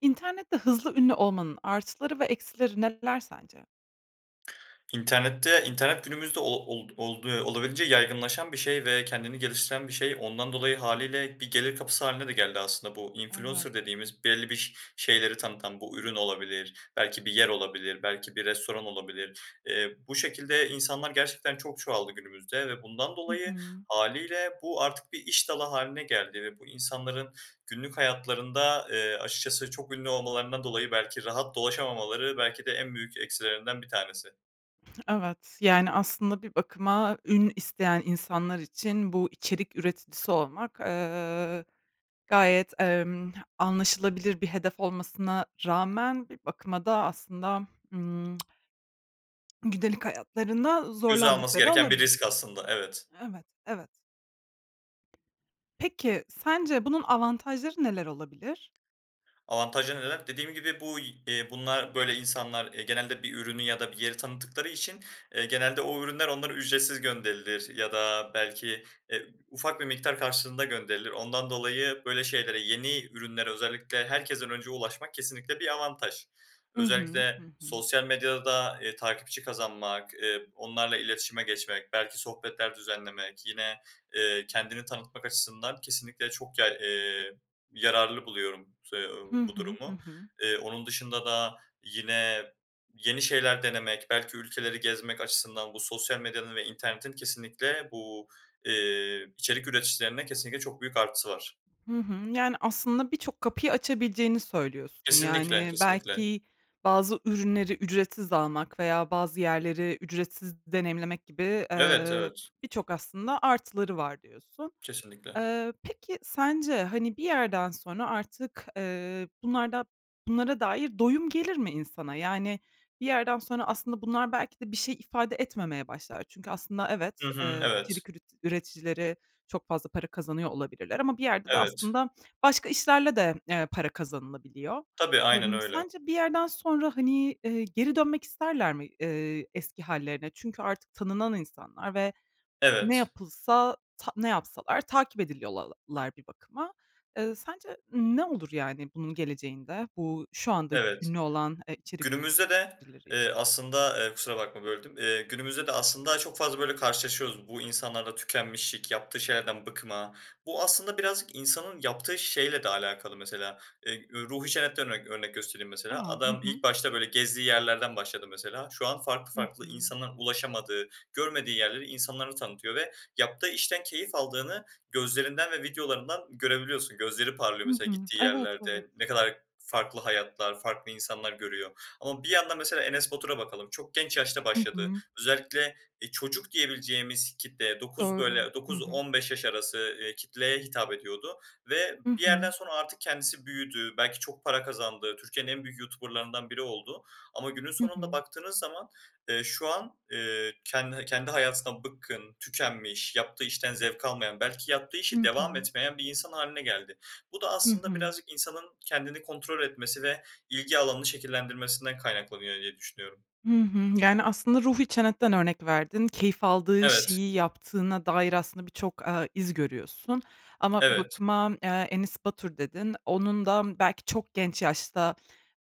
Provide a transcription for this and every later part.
İnternette hızlı ünlü olmanın artıları ve eksileri neler sence? İnternette İnternet günümüzde ol old oldu olabildiğince yaygınlaşan bir şey ve kendini geliştiren bir şey. Ondan dolayı hâliyle bir gelir kapısı hâline de geldi aslında. Bu, Evet. "influencer" dediğimiz, belli bir ş şeyleri tanıtan, bu, ürün olabilir, belki bir yer olabilir, belki bir restoran olabilir. Eee, bu şekilde insanlar gerçekten çok çoğaldı günümüzde ve bundan Hı dolayı hı. hâliyle bu, artık bir iş dalı hâline geldi ve bu insanların günlük hayatlarında, eee, açıkçası çok ünlü olmalarından dolayı belki rahat dolaşamamaları belki de en büyük eksilerinden 1 tanesi. Evet, yani, aslında bir bakıma ün isteyen insanlar için, bu içerik üreticisi olmak, ııı, gayet, emm, anlaşılabilir bir hedef olmasına rağmen bir bakıma da aslında, ımm, gündelik hayatlarında Göze alması zorlandıkları gereken bir olabilir. risk aslında. Evet. Evet, evet. Peki, sence bunun avantajları neler olabilir? Avantajları neler? Dediğim gibi bu y eee, bunlar, böyle insanlar, eee, genelde bir ürünü ya da bir yeri tanıttıkları için, eee, genelde o ürünler onlara ücretsiz gönderilir ya da belki, eee, ufak bir miktar karşılığında gönderilir. Ondan dolayı böyle şeylere, yeni ürünlere özellikle herkesten önce ulaşmak kesinlikle bir avantaj. Hı hı, hı Özellikle hı. sosyal medyada, eee, takipçi kazanmak, eee, onlarla iletişime geçmek, belki sohbetler düzenlemek yine, eee, kendini tanıtmak açısından kesinlikle çok yay eee, yararlı buluyorum s eee, Hı bu hı, hı durumu. hı. Eee, onun dışında da yine, yeni şeyler denemek belki ülkeleri gezmek açısından bu sosyal medyanın ve internetin kesinlikle bu, eee, içerik üreticilerine kesinlikle çok büyük artısı var. Hı hı. Yani aslında birçok kapıyı açabileceğini söylüyorsun. Kesinlikle, Yani kesinlikle. belki bazı ürünleri ücretsiz almak veya bazı yerleri ücretsiz deneyimlemek gibi, Evet, eee, evet. birçok aslında artıları var diyorsun. Kesinlikle. Eee, peki sence, hani, bir yerden sonra artık, eee, bunlarda bunlara dair doyum gelir mi insana? Yani, bir yerden sonra aslında bunlar belki de bir şey ifade etmemeye başlar. Çünkü aslında evet, Hı hı. ııı, Evet. içerik üretic üreticileri çok fazla para kazanıyor olabilirler ama bir yerde de Evet. aslında başka işlerle de, eee, para kazanılabiliyor. Tabii, aynen Emm, öyle. sence bir yerden sonra, hani, eee, geri dönmek isterler mi, eee, eski hâllerine? Çünkü artık tanınan insanlar ve ne Evet. yapılsa, ta ne yapsalar takip ediliyorlar bir bakıma. Eee, sence ne olur yani bunun geleceğinde, bu şu anda Evet. ünlü olan, eee, içerik Günümüzde de, üreticileri için? eee, aslında Eee, kusura bakma, böldüm. Eee, günümüzde de aslında çok fazla böyle, karşılaşıyoruz bu insanlarla; tükenmişlik, yaptığı şeylerden bıkma... Bu, aslında birazcık insanın yaptığı şeyle de alakalı mesela. Eee, üüü, Ruhi Çenet'ten örnek örnek göstereyim mesela: A! Hı Adam hı. ilk başta böyle gezdiği yerlerden başladı mesela, şu an farklı Hı farklı, hı. insanların ulaşamadığı, görmediği yerleri insanlara tanıtıyor ve yaptığı işten keyif aldığını gözlerinden ve videolarından görebiliyorsun. Gözleri parlıyor Hı mesela hı. gittiği Evet, evet. yerlerde, ne kadar farklı hayatlar, farklı insanlar görüyor ama bir yandan mesela Enes Batur'a bakalım. Çok genç yaşta Hı başladı. hı. Özellikle, eee, çocuk diyebileceğimiz kitleye 9, Doğru. böyle, Hı dokuz hı. on beş yaş arası, eee, kitleye hitap ediyordu ve Hı bir hı. yerden sonra artık kendisi büyüdü. Belki çok para kazandı. Türkiye'nin en büyük YouTuber'larından biri oldu ama günün Hı sonunda hı. baktığınız zaman, eee, şu an, eee, kendi eee, kendi hayatından bıkkın, tükenmiş, yaptığı işten zevk almayan, belki yaptığı Hı işi devam hı. etmeyen bir insan hâline geldi. Bu da Hı aslında hı. birazcık insanın kendini kontrol etmesi ve ilgi alanını şekillendirmesinden kaynaklanıyor diye düşünüyorum. Hı hı. Yani, aslında Ruhi Çenet'ten örnek verdin, keyif aldığı Evet. şeyi yaptığına dair aslında birçok, eee, iz görüyorsun, ama bir Evet. bakıma, eee, Enes Batur dedin, onun da, ımm, belki çok genç yaşta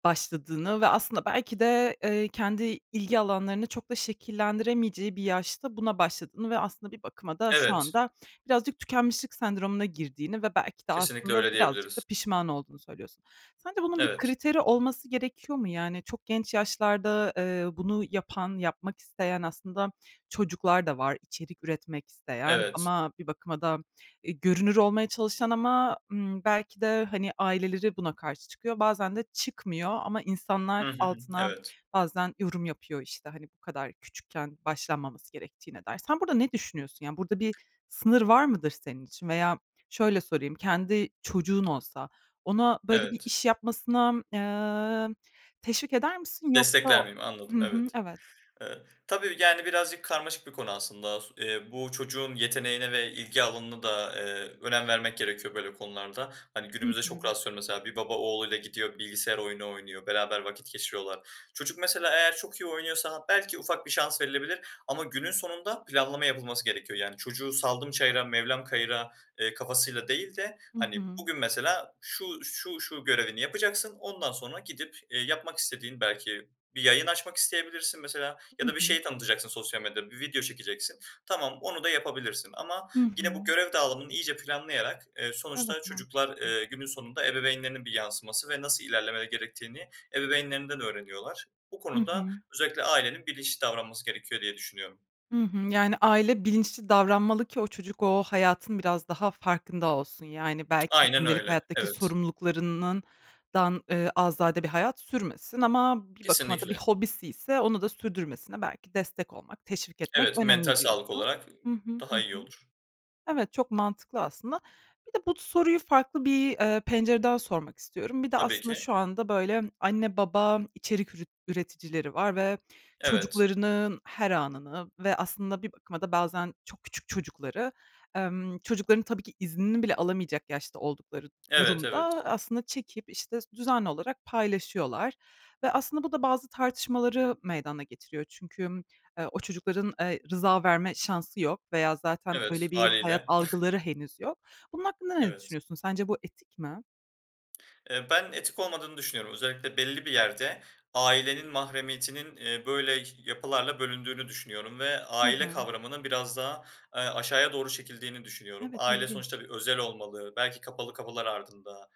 başladığını ve aslında belki de, eee, kendi ilgi alanlarını çok da şekillendiremeyeceği bir yaşta buna başladığını ve aslında bir bakıma da şu Evet. anda birazcık tükenmişlik sendromuna girdiğini ve belki de Kesinlikle aslında öyle birazcık da diyebiliriz. pişman olduğunu söylüyorsun. Sence bunun bir Evet. kriteri olması gerekiyor mu? Yani çok genç yaşlarda, eee, bunu yapan, yapmak isteyen aslında çocuklar da var, içerik üretmek isteyen Evet. ama bir bakıma da, eee, görünür olmaya çalışan ama, ımm, belki de, hani, aileleri buna karşı çıkıyor, bazen de çıkmıyor ama insanlar Hı hı. altına Evet. bazen yorum yapıyor, işte, hani, bu kadar küçükken başlanmaması gerektiğine dair. Sen burada ne düşünüyorsun? Yani burada bir sınır var mıdır senin için? Veya şöyle sorayım: Kendi çocuğun olsa ona böyle bir Evet. iş yapmasına, emm, teşvik eder misin yoksa "Destekler miyim?" Hı Anladım, hı. evet. Evet. Eee, tabii, yani birazcık karmaşık bir konu aslında. S eee, bu çocuğun yeteneğine ve ilgi alanına da, eee, önem vermek gerekiyor böyle konularda. Hani, Hı günümüzde çok hı. rastlıyorum mesela, bir baba oğluyla gidiyor, bilgisayar oyunu oynuyor, beraber vakit geçiriyorlar. Çocuk mesela eğer çok iyi oynuyorsa belki ufak bir şans verilebilir ama günün sonunda planlama yapılması gerekiyor. Yani çocuğu, "Saldım çayıra, mevlam kayıra.", eee, kafasıyla değil de Hı hani, hı. bugün, mesela şu, şu, şu görevini yapacaksın ondan sonra gidip, eee, yapmak istediğin belki bir yayın açmak isteyebilirsin mesela Hı ya da bir hı. şeyi tanıtacaksın sosyal medyada, bir video çekeceksin. Tamam, onu da yapabilirsin. Ama Hı yine bu hı. görev dağılımını iyice planlayarak eee, sonuçta Evet. çocuklar, Mantıklı. eee, günün sonunda ebeveynlerinin bir yansıması ve nasıl ilerlemeleri gerektiğini ebeveynlerinden öğreniyorlar. Bu Hı konuda hı. özellikle ailenin bilinçli davranması gerekiyor diye düşünüyorum. Hı hı. Yani, aile bilinçli davranmalı ki o çocuk o hayatın biraz daha farkında olsun. Yani, belki Aynen gündelik öyle, hayattaki evet. sorumluluklarından dan eee, azade bir hayat sürmesin ama bir bakıma da bir Kesinlikle. hobisiyse onu da sürdürmesine belki destek olmak, teşvik etmek Evet, mental önemli, sağlık diyorsun. olarak Hı hı, hı daha iyi hı. olur. Evet, çok mantıklı aslında. Bir de bu t soruyu farklı bir, eee, pencereden sormak istiyorum. Bir de Tabii aslında ki. şu anda, böyle, anne, baba içerik ürüt üreticileri var ve Evet. çocuklarının her anını ve aslında bir bakıma da bazen çok küçük çocukları, emm, çocukların tabii ki iznini bile alamayacak yaşta oldukları Evet, durumda evet. aslında çekip, işte, sü düzenli olarak paylaşıyorlar. Ve aslında bu da bazı tartışmaları meydana getiriyor çünkü, ımm, o çocukların, eee, rıza verme şansı yok veya zaten Evet, öyle bir hayat hâliyle. algıları henüz yok. Bunun hakkında ne Evet. düşünüyorsun, sence bu etik mi? Eee, ben etik olmadığını düşünüyorum. Özellikle belli bir yerde ailenin mahremiyetinin, eee, böyle ş yapılarla bölündüğünü düşünüyorum ve Hı aile hı. kavramının biraz daha, eee, aşağıya doğru çekildiğini düşünüyorum. Evet, Aile ilginç. sonuçta bir özel olmalı belki kapalı kapılar ardında,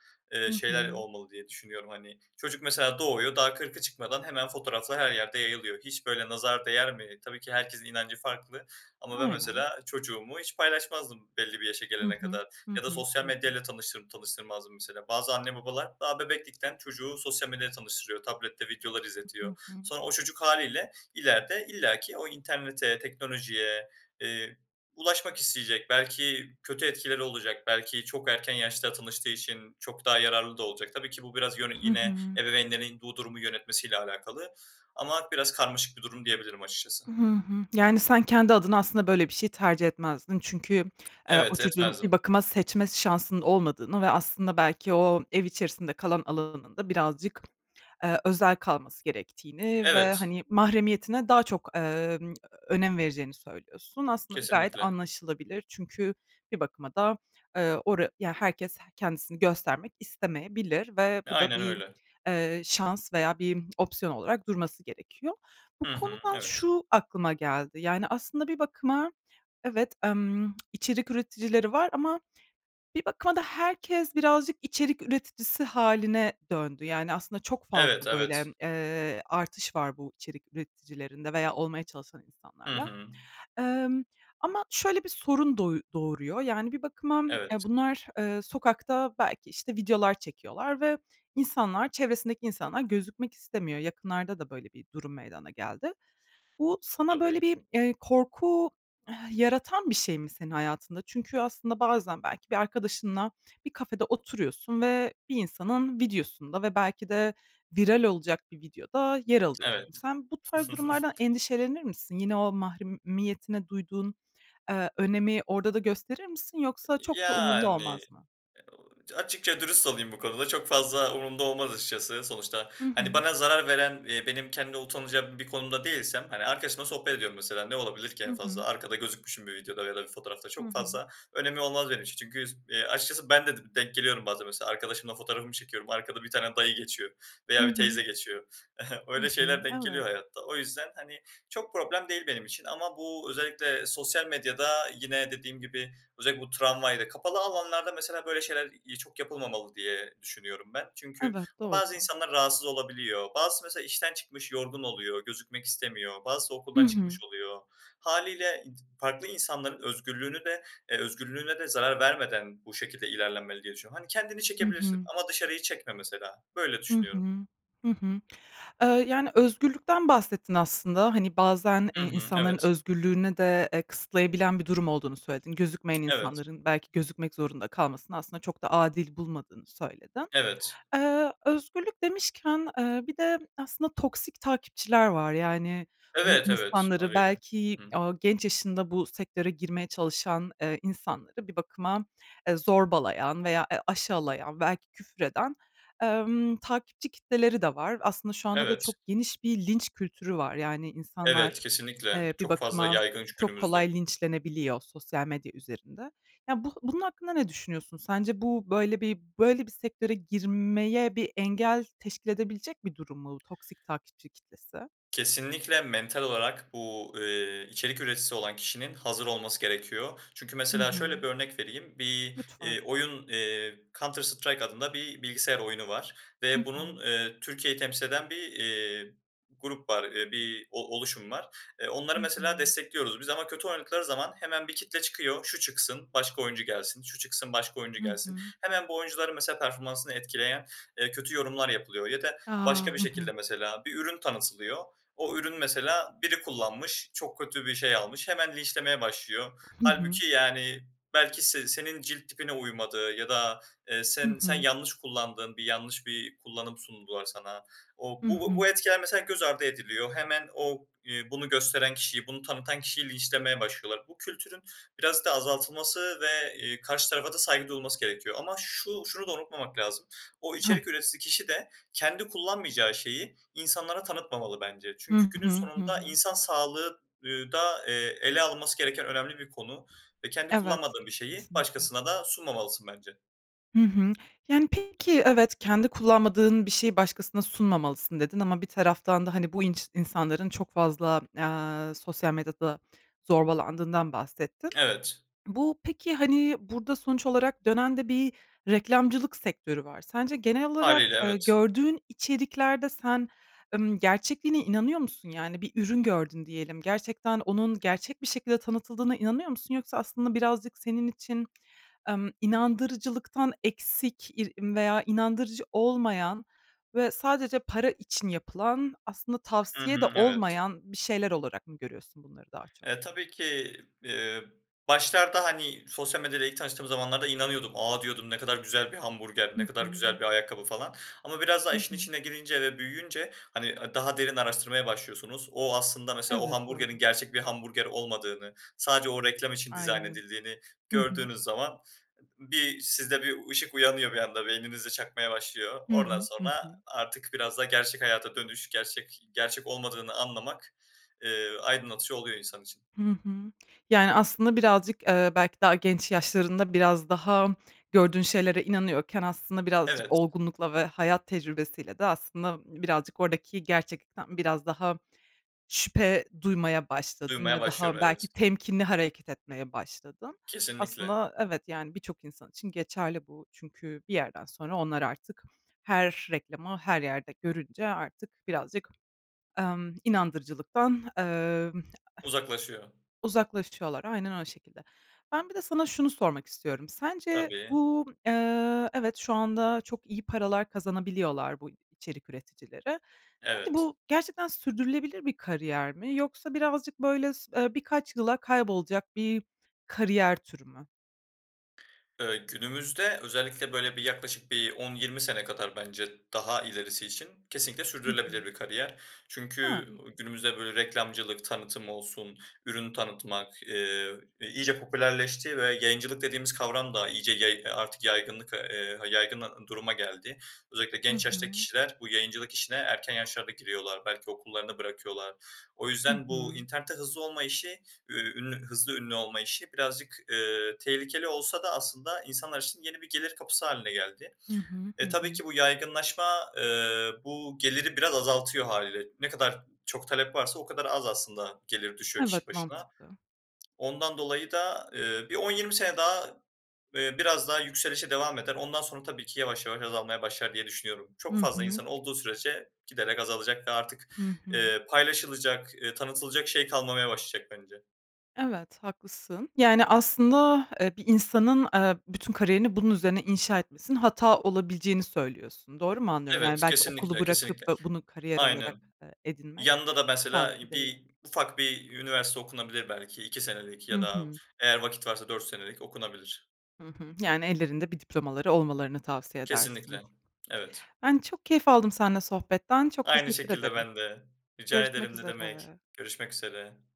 Hı eee, şeyler hı. olmalı diye düşünüyorum. Hani, çocuk mesela doğuyor daha 40'ı çıkmadan hemen fotoğraflar her yerde yayılıyor. Hiç böyle nazar değer mi? Tabii ki herkesin inancı farklı ama ben Aynen. mesela çocuğumu hiç paylaşmazdım belli bir yaşa Hı gelene hı. kadar Hı ya da hı. Hı sosyal medya hı. ile tanıştır tanıştırmazdım mesela. Bazı anne, babalar daha bebeklikten çocuğu sosyal medya ile tanıştırıyor, tablette videolar I Hı izletiyor. hı. Sonra o çocuk hâliyle ileride illaki o internete, teknolojiye, eee, ulaşmak isteyecek. Belki kötü etkileri olacak. Belki çok erken yaşta tanıştığı için çok daha yararlı da olacak. Tabii ki bu biraz yön Hı yine hı. ebeveynlerin bu durumu yönetmesiyle alakalı. Ama biraz karmaşık bir durum diyebilirim açıkçası. Hı hı. Yani, sen kendi adına aslında böyle bir şey tercih etmezdin. Çünkü, eee, o Evet, çocuğun bir etmezdim. bakıma seçme şansının olmadığını ve aslında belki o ev içerisinde kalan alanının da birazcık, eee, özel kalması gerektiğini ve, Evet. hani, mahremiyetine daha çok, emm, önem vereceğini söylüyorsun. Aslında da gayet Kesinlikle. anlaşılabilir çünkü bir bakıma da, eee, ora ya herkes kendisini göstermek istemeyebilir ve E, bu da aynen bir, öyle. eee, şans veya bir opsiyon olarak durması gerekiyor. Bu Hı hı. konudan Evet. şu aklıma geldi, yani, aslında bir bakıma, evet, emm, içerik üreticileri var ama bir bakıma da herkes birazcık içerik üreticisi hâline döndü. Yani, aslında çok Evet, fazla, böyle, evet. emm, eee, artış var bu içerik üreticilerinde veya olmaya çalışan Hı insanlarla. hı. Emm, ama şöyle bir sorun doy doğuruyor, yani, bir bakıma, eee, Evet. bunlar, eee, sokakta belki, işte, videolar çekiyorlar ve insanlar çevresindeki insanlar gözükmek istemiyor. Yakınlarda da böyle bir durum meydana geldi. Bu sana, Tabii. böyle, bir, eee, korku eh yaratan bir şey mi senin hayatında? Çünkü aslında bazen belki bir arkadaşınla bir kafede oturuyorsun ve bir insanın videosunda ve belki de viral olacak bir videoda yer alıyorsun. Evet. Sen bu tarz durumlardan endişelenir misin? Yine o mahremiyetine duyduğun, eee, önemi orada da gösterir misin? Yoksa çok da umurunda Yani, olmaz mı? açıkça dürüst olayım bu konuda çok fazla umurumda olmaz açıkçası sonuçta. Hı Hani, hı. bana zarar veren, eee, benim kendi utanacağım bir konumda değilsem, hani, arkadaşımla sohbet ediyorum mesela ne olabilir ki Hı en fazla? hı. Arkada gözükmüşüm bir videoda ya da bir fotoğrafta Hı çok hı. fazla önemi olmaz benim için. Çünkü s eee, açıkçası ben de dım denk geliyorum bazen mesela arkadaşımla fotoğrafımı çekiyorum arkada bir tane dayı geçiyor Hı veya bir teyze hı. geçiyor. Hı Öyle hı. şeyler denk geliyor Evet. hayatta. O yüzden, hani, çok problem değil benim için ama bu özellikle sosyal medyada yine dediğim gibi özellikle bu tramvayla, kapalı alanlarda mesela böyle şeyler, iii, çok yapılmamalı diye düşünüyorum ben. Çünkü Evet. Doğru. bazı insanlar rahatsız olabiliyor. Bazısı mesela işten çıkmış yorgun oluyor, gözükmek istemiyor. Bazısı Hı okuldan hı. çıkmış oluyor. Hâliyle, iii, farklı insanların özgürlüğünü de eee, özgürlüğüne de zarar vermeden bu şekilde ilerlenmeli diye düşünüyorum. Hani, kendini Hı çekebilirsin hı. ama dışarıyı çekme mesela. Böyle Hı hı. düşünüyorum. Hı hı. Eee, yani, özgürlükten bahsettin aslında, hani, bazen, eee, Hı hı. insanların Evet. özgürlüğüne de, eee, kısıtlayabilen bir durum olduğunu söyledin, gözükmeyen Evet. insanların belki gözükmek zorunda kalmasını aslında çok da adil bulmadığını söyledin. Evet. Eee, özgürlük demişken, eee, bir de aslında toksik takipçiler var. Yani, bu Evet, evet. insanları Hâliyle. belki, Hı hı. aaa, genç yaşında bu sektöre girmeye çalışan, eee, insanları bir bakıma, eee, zorbalayan veya, eee, aşağılayan belki küfür eden, emm, takipçi kitleleri de var. Aslında şu anda da Evet. çok geniş bir linç kültürü var. Yani, Evet, insanlar, kesinlikle eee, bir çok fazla bakıma yaygın şu çok günümüzde. kolay linçlenebiliyor sosyal medya üzerinde. Ya, bu bunun hakkında ne düşünüyorsun? Sence bu böyle bir böyle bir sektöre girmeye bir engel teşkil edebilecek bir durum mu toksik takipçi kitlesi? Kesinlikle, mental olarak bu, eee, içerik üreticisi olan kişinin hazır olması gerekiyor. Çünkü Hı mesela şöyle hı. bir örnek vereyim. Bir, Lütfen. iii, oyun, eee, Counter Strike adında bir bilgisayar oyunu var Hı ve bunun, hı. eee, Türkiye'yi temsil eden bir, eee, grup var, eee, bir o oluşum var. E, onları Hı mesela hı. destekliyoruz biz ama kötü oynadıkları zaman hemen bir kitle çıkıyor, şu çıksın, başka oyuncu gelsin, şu çıksın, başka oyuncu Hı gelsin. hı. Hemen bu oyuncuların mesela performansını etkileyen, eee, kötü yorumlar yapılıyor ya da A! başka bir Hı hı. şekilde mesela bir ürün tanıtılıyor. O ürünü mesela biri kullanmış, çok kötü bir şey almış hemen linçlemeye başlıyor. Hı hı. Hâlbuki, yani, belki se senin cilt tipine uymadı ya da, eee, Hı sen sen hı. yanlış kullandın, bir yanlış bir kullanım sundular sana. O Hı bu hı. bu etkiler mesela göz ardı ediliyor. Hemen o, iii, bunu gösteren kişiyi, bunu tanıtan kişiyi linçlemeye başlıyorlar. Bu kültürün birazcık da azaltılması ve, eee, karşı tarafa da saygı duyulması gerekiyor. Ama şu şunu da unutmamak lazım. O [unintelligible] içerik üreticisi kişi de kendi kullanmayacağı şeyi insanlara tanıtmamalı bence. Hı Çünkü günün hı. Hı sonunda hı. insan sağlığı, ııı, da, eee, ele alınması gereken önemli bir konu ve kendi Evet, kullanmadığın bir şeyi kesinlikle. başkasına da sunmamalısın bence. Hı hı. Yani, peki, evet, "Kendi kullanmadığın bir şeyi başkasına sunmamalısın." dedin ama bir taraftan da, hani, bu inç insanların çok fazla, eee, sosyal medyada zorbalandığından bahsettin. Evet. Bu, peki, hani, burada sonuç olarak dönen de bir reklamcılık sektörü var. Sence genel olarak, Hâliyle eee, evet. gördüğün içeriklerde sen, ımm, gerçekliğine inanıyor musun? Yani bir ürün gördün diyelim, gerçekten onun gerçek bir şekilde tanıtıldığına inanıyor musun yoksa aslında birazcık senin için, emm, inandırıcılıktan eksik ir veya inandırıcı olmayan ve sadece para için yapılan, aslında Hı tavsiye de hı, evet. olmayan bir şeyler olarak mı görüyorsun bunları daha çok? Eee, tabii ki, eee, başlarda, hani sosyal medyada ilk tanıştığım zamanlarda inanıyordum. A, diyordum, ne kadar güzel bir hamburger, Hı ne kadar hı. güzel bir ayakkabı falan ama biraz daha Hı işin hı. içine girince ve büyüyünce hani, aaa, daha derin araştırmaya başlıyorsunuz. O aslında, mesela, o Evet, hamburgerin doğru. gerçek bir hamburger olmadığını sadece o reklam için dizayn Aynen. edildiğini Hı hı. gördüğünüz zaman bir sizde bir ışık uyanıyor bir anda, beyninizde çakmaya başlıyor. Hı Oradan hı, hı sonra hı. artık biraz da gerçek hayata dönüş, gerçek gerçek olmadığını anlamak, eee, aydınlatıcı oluyor insan için. Hı hı. Yani aslında birazcık, eee, belki daha genç yaşlarında biraz daha, gördüğün şeylere inanıyorken aslında birazcık Evet. olgunlukla ve hayat tecrübesiyle de aslında birazcık oradaki gerçeklikten biraz daha şüphe duymaya başladın Duymaya ve daha, başlıyorum, belki, evet. temkinli hareket etmeye başladın. Kesinlikle. Aslında evet, yani, birçok insan için geçerli bu çünkü bir yerden sonra onlar artık her reklamı, her yerde görünce artık birazcık, emm, inandırıcılıktan, emm [unintelligible] Uzaklaşıyor. uzaklaşıyorlar, aynen, o şekilde. Ben bir de sana şunu sormak istiyorum: Sence Tabii. bu, eee, evet, şu anda çok iyi paralar kazanabiliyorlar bu içerik üreticileri; sence Evet. bu gerçekten sürdürülebilir bir kariyer mi? Yoksa birazcık böyle, s eee, birkaç yıla kaybolacak bir kariyer türü mü? Eee, günümüzde özellikle, böyle, bir yaklaşık bir 10-20 sene kadar bence daha ilerisi için kesinlikle Hı sürdürülebilir hı. bir kariyer. A! Çünkü, ooo, İlginç. günümüzde, böyle, reklamcılık, tanıtım olsun, ürün tanıtmak, eee, eee, iyice popülerleşti ve yayıncılık dediğimiz kavram da iyice yay eee, artık yaygınlık ve, eee, ha yaygın a duruma geldi. Özellikle Hı genç yaştaki hı. kişiler bu yayıncılık işine erken yaşlarda giriyorlar, belki okullarını bırakıyorlar. O Hı yüzden bu hı. internette hızlı olma işi, ü ünlü hızlı ünlü olma işi birazcık, eee, tehlikeli olsa da aslında insanlar için yeni bir gelir kapısı hâline geldi. Hı hı, hı E, tabii hı. ki bu yaygınlaşma, eee, bu geliri biraz azaltıyor hâliyle. Ne kadar çok talep varsa o kadar az aslında gelir düşüyor kişi Evet, başına. mantıklı. Ondan dolayı da, eee, bir 10-20 sene daha, eee, biraz daha yükselişe devam eder. Ondan sonra tabii ki yavaş yavaş azalmaya başlar diye düşünüyorum. Hı Çok fazla hı. insan olduğu sürece giderek azalacak ve artık, Hı hı. eee, paylaşılacak, eee, tanıtılacak şey kalmamaya başlayacak bence. Evet, haklısın. Yani, aslında, eee, bir insanın, eee, bütün kariyerini bunun üzerine inşa etmesinin hata olabileceğini söylüyorsun, doğru mu anlıyorum? Yani, Evet, belki okulu kesinlikle, bırakıp kesinlikle. da bunu kariyer olarak, Aynen. eee, edinmek Yanında da mesela sağlıklı i değil. bir ufak bir üniversite okunabilir belki 2 senelik Hı ya da hı. eğer vakit varsa 4 senelik okunabilir. Hı hı. Yani ellerinde bir diplomaları olmalarını tavsiye edersin. Kesinlikle. Evet. Ben çok keyif aldım senle sohbetten, çok Aynı teşekkür şekilde ederim. ben de. Rica Görüşmek ederim, ne demek. üzere. Görüşmek üzere.